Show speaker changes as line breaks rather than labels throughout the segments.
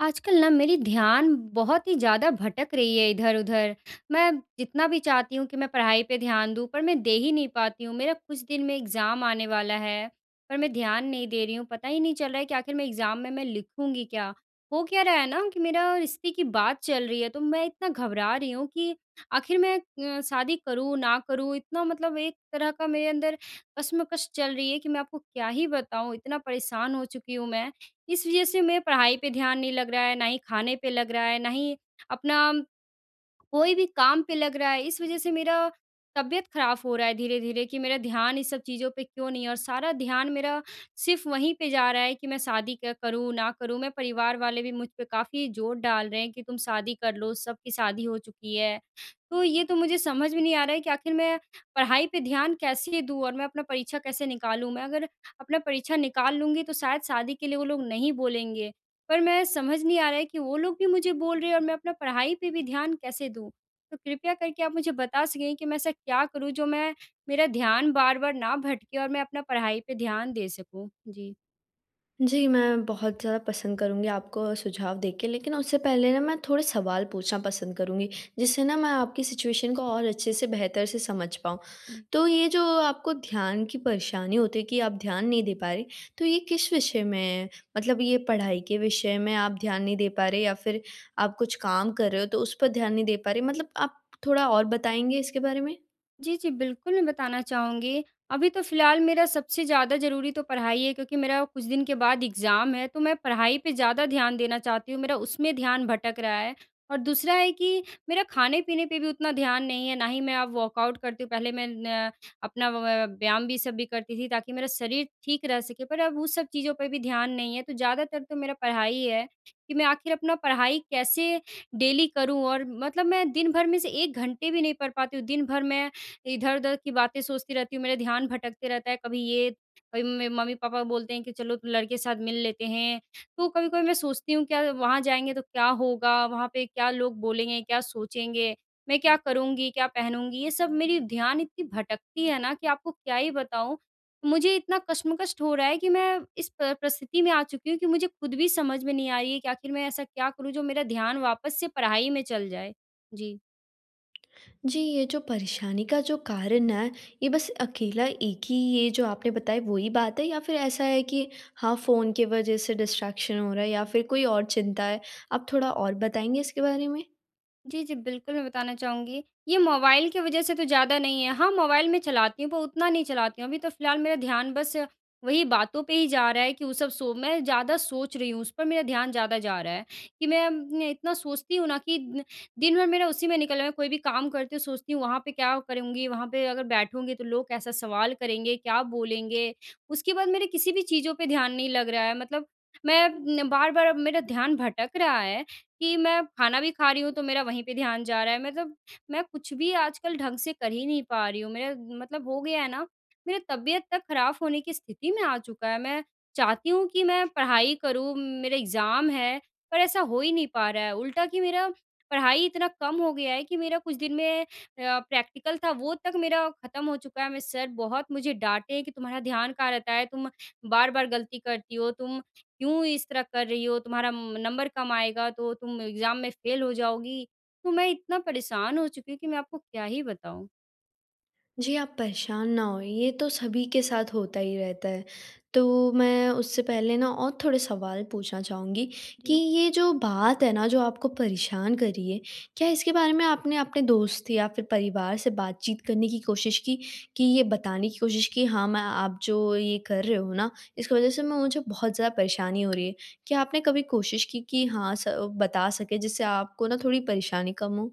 आजकल ना मेरी ध्यान बहुत ही ज़्यादा भटक रही है इधर-उधर। मैं जितना भी चाहती हूँ कि मैं पढ़ाई पे ध्यान दूँ, पर मैं दे ही नहीं पाती हूँ। मेरा कुछ दिन में एग्ज़ाम आने वाला है, पर मैं ध्यान नहीं दे रही हूँ। पता ही नहीं चल रहा है कि आखिर मैं एग्ज़ाम में मैं लिखूँगी क्या? हो क्या रहा है ना कि मेरा रिश्ते की बात चल रही है, तो मैं इतना घबरा रही हूँ कि आखिर मैं अ, शादी करूँ, ना करूँ? इतना मतलब एक तरह का मेरे अंदर कशमकश चल रही है कि मैं आपको क्या ही बताऊँ। इतना परेशान हो चुकी हूँ मैं। इस वज़ह से मेरा पढ़ाई पे ध्यान नहीं लग रहा है, ना ही खाने पे लग रहा है, ना ही अपना कोई भी काम पे लग रहा है। इस वज़ह से मेरा तबीयत ख़राब हो रहा है धीरे-धीरे, कि मेरा ध्यान इन सब चीज़ों पे क्यों नहीं है? और सारा ध्यान मेरा सिर्फ़ वहीं पे जा रहा है कि मैं शादी क्या करूँ, ना करूँ? मैं परिवार वाले भी मुझ पे काफ़ी ज़ोर डाल रहे हैं कि, "तुम शादी कर लो, सबकी शादी हो चुकी है।" तो ये तो मुझे समझ में नहीं आ रहा है कि आखिर मैं पढ़ाई पे ध्यान कैसे दूँ और मैं अपना परीक्षा कैसे निकालूँ? मैं अगर अपना परीक्षा निकाल लूँगी, तो शायद शादी के लिए वो लोग नहीं बोलेंगे। पर मैं समझ नहीं आ रहा है कि वो लोग भी मुझे बोल रहे हैं और मैं अपना पढ़ाई पे भी ध्यान कैसे दूँ? तो कृपया करके आप मुझे बता सकेंगे कि मैं ऐसा क्या करूँ, जो मैं मेरा ध्यान बार-बार ना भटके और मैं अपना पढ़ाई पे ध्यान दे सकूँ? जी।
जी मैं बहुत ज़्यादा पसंद करूँगी आपको सुझाव दे के लेकिन उससे पहले न मैं थोड़े सवाल पूछना पसंद करूँगी। जिससे न मैं आपकी सिचुएशन को और अच्छे से बेहतर से समझ पाऊँ।
जी।
तो ये जो आपको ध्यान की परेशानी होती है कि आप ध्यान नहीं दे पा रही, तो ये किस विषय में है, मतलब ये पढ़ाई के विषय में आप ध्यान नहीं दे पा रहे या फ़िर आप कुछ काम कर रहे हो तो उस पर ध्यान नहीं दे पा रहे मतलब आप थोड़ा और बताएँगे इसके बारे में?
जी, जी बिल्कुल मैं बताना चाहूँगी। अभी तो फ़िलहाल मेरा सबसे ज़्यादा ज़रूरी तो पढ़ाई है क्योंकि मेरा कुछ दिन के बाद एग्ज़ाम है तो मैं पढ़ाई पे ज़्यादा ध्यान देना चाहती हूँ मेरा उसमें ध्यान भटक रहा है। और दूसरा है कि मेरा खाने-पीने पे भी उतना ध्यान नहीं है। ना ही मैं अब वर्कऑउट करती हूँ पहले मैं न अपना अ, व्यायाम भी सब भी करती थी ताकि मेरा शरीर ठीक रह सके पर अब उस सब चीज़ों पे भी ध्यान नहीं है। तो ज़्यादातर तो मेरा पढ़ाई है कि मैं आख़िर अपना पढ़ाई कैसे डेली करूँ और मतलब मैं दिन भर में से 1 घंटे भी नहीं पढ़ पाती हूँ। दिन भर मैं इधर-उधर की बातें सोचती रहती हूँ मेरा ध्यान भटकता रहता है कभी ये कभी में मम्मी-पापा बोलते हैं कि चलो लड़के के साथ मिल लेते हैं। तो कभी-कभी मैं सोचती हूँ कि वहाँ जाएँगे तो क्या होगा? वहाँ पे क्या लोग बोलेंगे? क्या सोचेंगे? मैं क्या करूँगी क्या पहनूँगी? ये सब मेरी ध्यान इतनी भटकती है ना कि आपको क्या ही बताऊँ? मुझे इतना कशमकश हो रहा है कि मैं इस प परिस्थिति में आ चुकी हूँ कि मुझे ख़ुद भी समझ में नहीं आ रही है कि आख़िर मैं ऐसा क्या करूँ जो मेरा ध्यान वापस से पढ़ाई में चल जाए, जी।
जी ये जो परेशानी का जो कारण है, ये बस अकेला एक ही ये जो आपने बताया वो ही बात है या फ़िर ऐसा है कि हाँ फ़ोन के वजह से डिस्ट्रैक्शन हो रहा है या फ़िर कोई और चिंता है? आप थोड़ा और बताएँगे इसके बारे में।
जी, जी बिल्कुल मैं बताना चाहूँगी ये मोबाइल की वजह से तो ज़्यादा नहीं है। हाँ मोबाइल में चलाती हूँ पर उतना नहीं चलाती हूँ। अभी तो फ़िलहाल मेरा ध्यान बस वही बातों पे ही जा रहा है कि वो सब सो मैं ज़्यादा सोच रही हूँ उस पर मेरा ध्यान ज़्यादा जा रहा है कि मैं अम न इतना सोचती हूँ ना कि दिन भर मेरा उसी में निकलना है। कोई भी काम करती हूँ सोचती हूँ वहाँ पे क्या करूँगी? वहाँ पे अगर बैठूँगी तो लोग कैसा सवाल करेंगे? क्या बोलेंगे? उसके बाद मेरे किसी भी चीज़ों पे ध्यान नहीं लग रहा है मतलब मैं न बार-बार अब मेरा ध्यान भटक रहा है कि मैं खाना भी खा रही हूँ, तो मेरा वहीं पे ध्यान जा रहा है। मतलब मैं कुछ भी आजकल ढँग से कर ही नहीं पा रही हूँ। मेरा मतलब हो गया है ना मेरी तबियत तक ख़राब होने की स्थिति में आ चुका है। मैं चाहती हूँ कि मैं पढ़ाई करूँ मेरे एग्ज़ाम हैं, पर ऐसा हो ही नहीं पा रहा है। उल्टा की मेरा पढ़ाई इतना कम हो गया है कि मेरा कुछ दिन में अ, प्रैक्टिकल था वो तक मेरा ख़त्म हो चुका है। मैं सर बहुत मुझे डाँटे हैं कि तुम्हारा ध्यान कहाँ रहता है? तुम बार-बार गलती करती हो तुम क्यों इस तरह कर रही हो? तुम्हारा म नंबर कम आएगा तो तुम एग्ज़ाम में फ़ेल हो जाओगी। तो मैं इतना परेशान हो चुकी हूँ कि मैं आपको क्या ही बताऊँ?
जी आप परेशान ना हों ये तो सभी के साथ होता ही रहता है। तो मैं उससे पहले न और थोड़े सवाल पूछना चाहूँगी, कि
जी।
ये जो बात है न जो आपको परेशान कर रही है, क्या इसके बारे में आपने अपने दोस्त या फिर परिवार से बातचीत करने की कोशिश की, कि ये बताने की कोशिश की हाँ मैं आप जो ये कर रहे हो न इसकी वजह से मैं मुझे बहुत ज़्यादा परेशानी हो रही है? क्या आपने कभी कोशिश की कि हाँ स बता सकें जिससे आपको न थोड़ी परेशानी कम हो?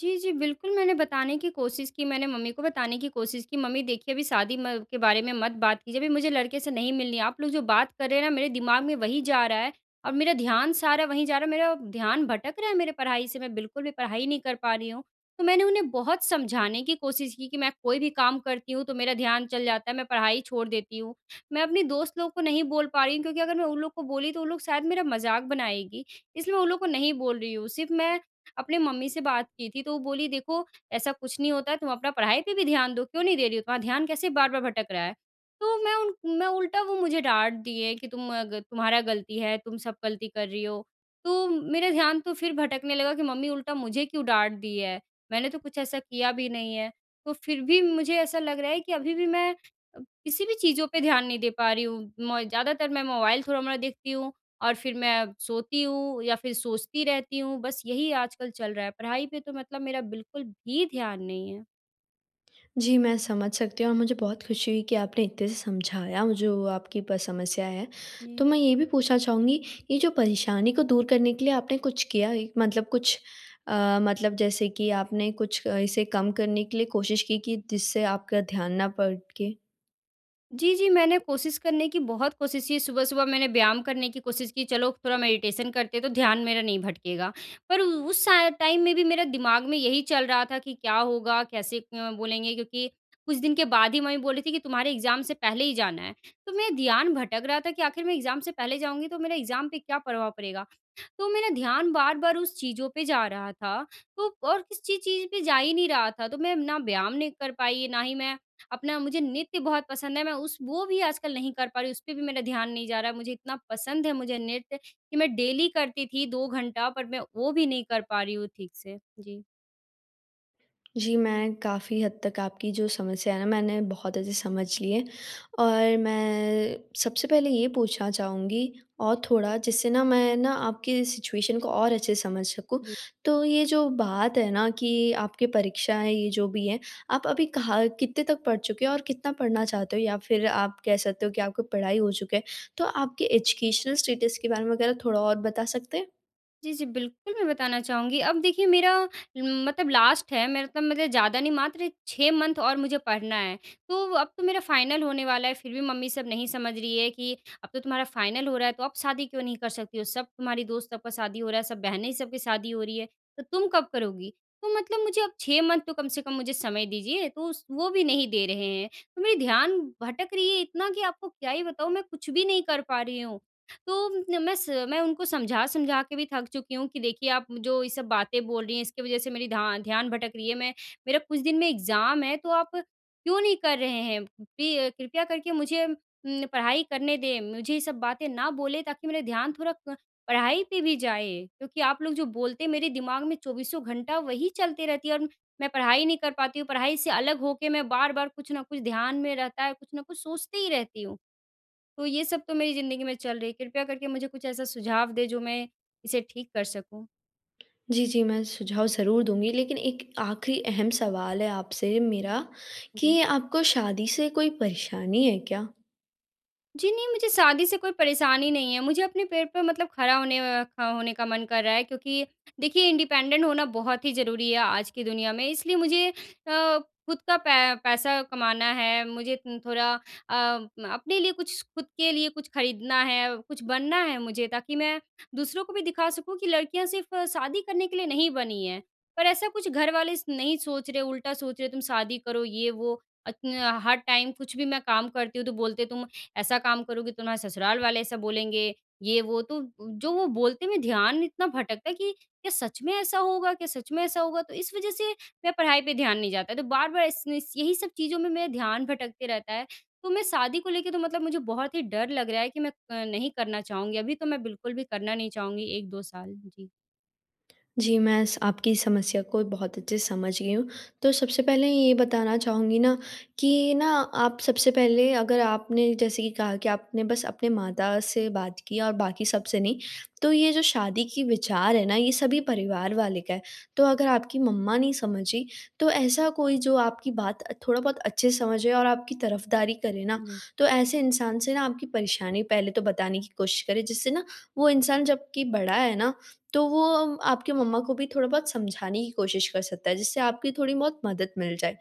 जी, जी बिल्कुल मैंने बताने की कोशिश की। मैंने मम्मी को बताने की कोशिश की, मम्मी देखिए अभी शादी म के बारे में मत बात कीजिए अभी मुझे लड़के से नहीं मिलनी है। आप लोग जो बात कर रहे हैं न मेरे दिमाग में वही जा रहा है और मेरा ध्यान सारा वहीं जा रहा है, मेरा ध्यान भटक रहा है मेरे पढ़ाई से। मैं बिल्कुल भी पढ़ाई नहीं कर पा रही हूँ। तो मैंने उन्हें बहुत समझाने की कोशिश की कि मैं कोई भी काम करती हूँ, तो मेरा ध्यान चल जाता है मैं पढ़ाई छोड़ देती हूँ। मैं अपनी दोस्त लोग को नहीं बोल पा रही हूँ क्योंकि अगर मैं उन लोग को बोली, तो वो लोग शायद मेरा मज़ाक बनाएगी इसलिए मैं उन लोगों को नहीं बोल रही हूँ। सिर्फ़ मैं अपने मम्मी से बात की थी, तो वो बोली देखो ऐसा कुछ नहीं होता, तुम अपना पढ़ाई पे भी ध्यान दो, क्यों नहीं दे रही हो? तुम्हारा ध्यान कैसे बार-बार भटक रहा है? तो मैं उन मैं उल्टा वो मुझे डाँट दिए कि तुम अ ग तुम्हारा गलती है तुम सब गलती कर रही हो। तो मेरा ध्यान तो फिर भटकने लगा कि मम्मी उल्टा मुझे क्यों डाँट दी है, मैंने तो कुछ ऐसा किया भी नहीं है। तो फिर भी मुझे ऐसा लग रहा है कि अभी भी मैं, किसी भी चीज़ों पे ध्यान नहीं दे पा रही हूँ। मैं ज़्यादातर मैं मोबाइल थोड़ा-मोड़ा देखती हूँ और फिर मैं सोती हूँ या फिर सोचती रहती हूँ। बस यही आजकल चल रहा है। पढ़ाई पे तो मतलब मेरा बिल्कुल भी ध्यान नहीं है।
जी, मैं समझ सकती हूँ और मुझे बहुत खुशी हुई कि आपने इत्ते से समझाया जो आपकी प समस्या है।
जी।
तो मैं ये भी पूछना चाहूँगी, ये जो परेशानी को दूर करने के लिए आपने कुछ किया है मतलब कुछ अ, मतलब जैसे कि आपने कुछ अ, इसे कम करने के लिए कोशिश की कि जिससे आपका ध्यान ना भटके?
जी, जी, मैंने कोशिश करने की बहुत कोशिश की, सुबह-सुबह मैंने व्यायाम करने की कोशिश की, चलो थोड़ा मेडिटेशन करते हैं तो ध्यान मेरा नहीं भटकेगा। पर उ उस सा टाइम में भी मेरा दिमाग में यही चल रहा था कि क्या होगा कैसे अ, बोलेंगे क्योंकि कुछ दिन के बाद ही मम्मी बोल रही थी कि, "तुम्हारे एग्ज़ाम से पहले ही जाना है।" तो मैं ध्यान भटक रहा था कि आखिर मैं एग्ज़ाम से पहले जाऊँगी तो मेरा एग्ज़ाम पे क्या प्रभाव पड़ेगा। तो मेरा ध्यान बार-बार उस चीज़ों पे जा रहा था तो और किसी चीज़ पे जा ही नहीं रहा था। तो मैं ना व्यायाम नहीं कर पाई, ना ही मैं अपना मुझे नृत्य बहुत पसंद है, मैं उस वो भी आजकल नहीं कर पा रही, उसपे भी मेरा ध्यान नहीं जा रहा। मुझे इतना पसंद है मुझे नृत्य, कि मैं डेली करती थी 2 घंटा पर मैं वो भी नहीं कर पा रही हूँ ठीक से। जी।
जी, मैं काफ़ी हद तक आपकी जो समस्या है ना मैंने बहुत अच्छे समझ ली है, और मैं सबसे पहले ये पूछना चाहूँगी और थोड़ा जिससे ना मैं ना आपकी सिचुएशन को और अच्छे से समझ सकूँ।
जी।
तो ये जो बात है ना कि आपकी परीक्षाएँ ये जो भी हैं, आप अभी कहाँ कितने तक पढ़ चुके हो और कितना पढ़ना चाहते हो? या फिर आप कह सकते हो कि आपको पढ़ाई हो चुका है, तो आपके एजुकेशनल स्टेटस के बारे में अगर आप थोड़ा और बता सकते हैं?
जी, जी बिल्कुल मैं बताना चाहूँगी। अब देखिए मेरा म मतलब लास्ट है। मेरा तो मतलब ज़्यादा नहीं मात्र 6 मंथ और मुझे पढ़ना है। तो अब तो मेरा फ़ाइनल होने वाला है फिर भी मम्मी सब नहीं समझ रही हैं कि अब तो तुम्हारा फ़ाइनल हो रहा है तो अब शादी क्यों नहीं कर सकती हो? सब तुम्हारी दोस्त सब का शादी हो रहा है, सब बहनें सब की शादी हो रही है, तो तुम कब करोगी? तो मतलब मुझे अब 6 मंथ तो कम से कम मुझे समय दीजिए तो स उस वो भी नहीं दे रहे हैं। तो मेरी ध्यान भटक रही है इतना कि आपको क्या ही बताऊँ मैं कुछ भी नहीं कर पा रही हूँ। तो म मैं स मैं उनको समझा-समझा के भी थक चुकी हूँ कि देखिए आप जो ये सब बातें बोल रही हैं इसकी वजह से मेरी ध्या ध्यान भटक रही है। मैं मेरा कुछ दिन में एग्ज़ाम है तो आप क्यों नहीं कर रहे हैं? पे कृपया करके मुझे उम, पढ़ाई करने दें। मुझे ये सब बातें ना बोलें ताकि मेरा ध्यान थोड़ा क पढ़ाई पे भी जाए क्योंकि आप लोग जो बोलते हैं मेरे दिमाग में 24सों घंटा वही चलते रहती है और मैं पढ़ाई नहीं कर पाती हूँ। पढ़ाई से अलग होके मैं बार-बार कुछ न कुछ ध्यान में रहता है, कुछ न कुछ सोचती ही रहती हूँ। तो ये सब तो मेरी ज़िंदगी में चल रही है। कृपया करके मुझे कुछ ऐसा सुझाव दें जो मैं इसे ठीक कर सकूँ?
जी, जी, मैं सुझाव ज़रूर दूँगी, लेकिन एक आखिरी अहम सवाल है आपसे मेरा,
जी।
कि आपको शादी से कोई परेशानी है क्या?
जी, नहीं, मुझे शादी से कोई परेशानी नहीं है। मुझे अपने पैर पर मतलब खड़ा होने अ, का होने का मन कर रहा है क्योंकि देखिए, इंडिपेंडेंट होना बहुत ही ज़रूरी है आज की दुनिया में। इसलिए मुझे अ, खुद का पै पैसा कमाना है, मुझे तिन थोड़ा अ, अपने लिए कुछ खुद के लिए कुछ खरीदना है, कुछ बनना है मुझे ताकि मैं दूसरों को भी दिखा सकूँ कि लड़कियाँ सिर्फ़ शादी करने के लिए नहीं बनी हैं। पर ऐसा कुछ घर वाले नहीं सोच रहे, उल्टा सोच रहे, "तुम शादी करो, ये, वो।" अत्न अ, हर टाइम कुछ भी मैं काम करती हूँ, तो बोलते हैं, "तुम ऐसा काम करोगी, तुम्हारे ससुराल वाले ऐसा बोलेंगे, ये, वो।" तो उ, जो वो बोलते में ध्यान इतना भटकता है कि क्या सच में ऐसा होगा, क्या सच में ऐसा होगा? तो इस वजह से मैं पढ़ाई पे ध्यान नहीं जाता। तो बार-बार इस इस यही सब चीज़ों में मेरा ध्यान भटकते रहता है। तो मैं शादी को लेके तो मतलब मुझे बहुत ही डर लग रहा है कि मैं अ, नहीं करना चाहूँगी, अभी तो मैं बिल्कुल भी करना नहीं चाहूँगी 1-2 साल। जी।
जी, मैं स आपकी समस्या को बहुत अच्छे से समझ गई हूँ। तो सबसे पहले ये बताना चाहूँगी ना कि ना आप सबसे पहले अगर आपने जैसे कि कहा कि आपने बस अपने माता से बात किया और बाकी सबसे नहीं। तो ये जो शादी की विचार है ना, ये सभी परिवार वाले का है। तो अगर आपकी मम्मा नहीं समझी, तो ऐसा कोई जो आपकी बात अ, थोड़ा बहुत अच्छे से समझे और आपकी तरफदारी करे ना,
जी।
तो ऐसे इंसान से ना आपकी परेशानी पहले तो बताने की कोशिश करें, जिससे ना वो इंसान जबकि बड़ा है ना, तो वो अ, आपकी मम्मा को भी थोड़ा बहुत समझाने की कोशिश कर सकता है, जिससे आपकी थोड़ी बहुत मदद मिल जाए।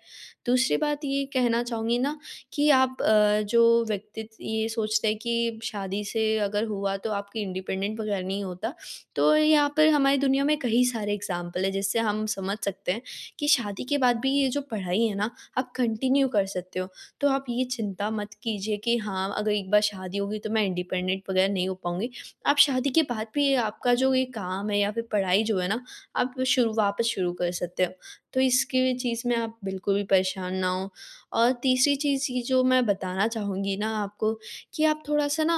दूसरी बात ये कहना चाहूँगी ना कि आप अ, जो व्यक्ति ये सोचता है कि शादी से अगर हुआ, तो आपकी इंडिपेंडेंट वग़ैरह नहीं होता। तो यहाँ पर हमारी दुनिया में कहीं सारे एग्ज़ाम्पल हैं, जिससे हम समझ सकते हैं कि शादी के बाद भी ये जो पढ़ाई है ना, आप कंटिन्यू कर सकते हो। तो आप ये चिंता मत कीजिए कि हाँ, अगर एक बार शादी हो गई तो मैं इंडिपेंडेंट वग़ैरह नहीं हो पाऊँगी। आप शादी के बाद भी ये आपका जो ये काम है या फिर पढ़ाई जो है ना, आप शुरू वापस शुरू कर सकते हो, तो इसके भी चीज़ में आप बिल्कुल भी परेशान ना हों। और तीसरी चीज़ इ जो मैं बताना चाहूँगी ना आपको कि आप थोड़ा-सा ना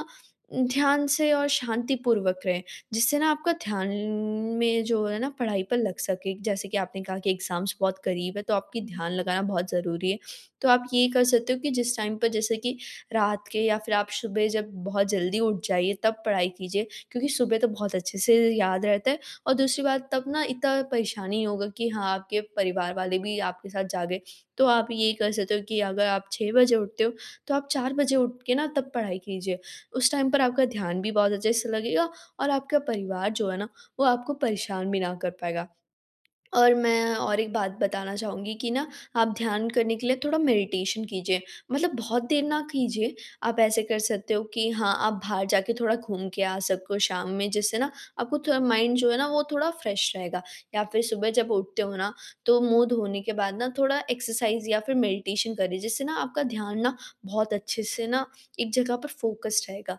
अ, ध्यान से और शांतिपूर्वक रहें, जिससे ना आपका ध्यान में जो है ना, पढ़ाई पर लग सके। जैसे कि आपने कहा कि एग्ज़ाम्स बहुत क़रीब हैं, तो आपकी
जी।
ध्यान लगाना बहुत ज़रूरी है। तो आप ये कर सकते हो कि जिस टाइम पर जैसे कि रात के या फिर आप सुबह जब बहुत जल्दी उठ जाइए, तब पढ़ाई कीजिए क्योंकि सुबह तो बहुत अच्छे से याद रहता है, और दूसरी बात तब ना इतना परेशानी इ होगा कि हाँ, आपके परिवार वाले भी आपके साथ जागें। तो आप ये कर सकते हो कि अगर आप 6 बजे उठते हो, तो आप 4 बजे उठ के ना तब पढ़ाई कीजिए। उस टाइम पर आपका ध्यान भी बहुत अच्छे से लगेगा, और आपका परिवार जो है ना, वो आपको परेशान भी ना कर पाएगा। और मैं और एक बात बताना चाहूँगी कि ना आप ध्यान करने के लिए थोड़ा मेडिटेशन कीजिए, मतलब बहुत देर ना कीजिए। आप ऐसे कर सकते हो कि हाँ, आप बाहर जाके थोड़ा घूम के आ सको शाम में, जिससे ना आपको थोड़ा माइंड जो है ना, वो थोड़ा फ्रेश रहेगा। या फिर सुबह जब उठते हो ना, तो मुँह धोने के बाद ना थोड़ा एक्सरसाइज़ या फिर मेडिटेशन करिए, जिससे ना आपका ध्यान ना बहुत अच्छे से ना एक जगह पर फोकस्ड रहेगा।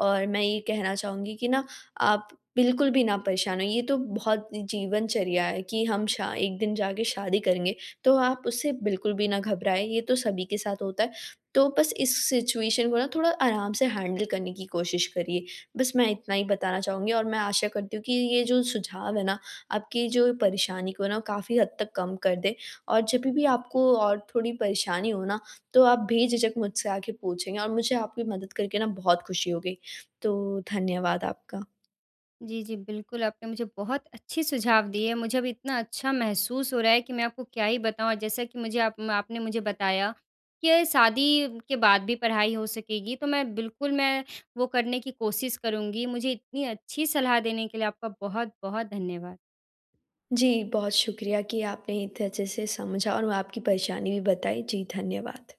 और मैं ये कहना चाहूँगी कि ना, आप बिल्कुल भी ना परेशान होइए, ये तो बहुत जीवनचर्या है कि हम श एक दिन जा के शादी करेंगे। तो आप उससे बिल्कुल भी ना घबराएँ, ये तो सभी के साथ होता है। तो बस इस सिचुएशन को ना थोड़ा आराम से हैंडल करने की कोशिश करिए। बस मैं इतना ही बताना चाहूँगी, और मैं आशा करती हूँ कि ये जो सुझाव हैं ना, आपकी जो परेशानी को ना काफ़ी हद तक कम कर दें। और जभी भी आपको और थोड़ी परेशानी हो ना, तो आप बेझिझक मुझसे आके पूछेंगे, और मुझे आपकी मदद करके ना बहुत खुशी होगी। तो, धन्यवाद आपका।
जी, जी, बिल्कुल, आपने मुझे बहुत अच्छे सुझाव दिए। मुझे अभी इतना अच्छा महसूस हो रहा है कि मैं आपको क्या ही बताऊँ। जैसा कि मुझे आप आपने मुझे बताया कि शादी के बाद भी पढ़ाई हो सकेगी, तो मैं बिल्कुल, मैं वो करने की कोशिश करूँगी। मुझे इतनी अच्छी सलाह देने के लिए आपका बहुत-बहुत धन्यवाद।
जी, बहुत शुक्रिया कि आपने इतने अच्छे से समझा और वो आपकी परेशानी भी बताई। जी, धन्यवाद।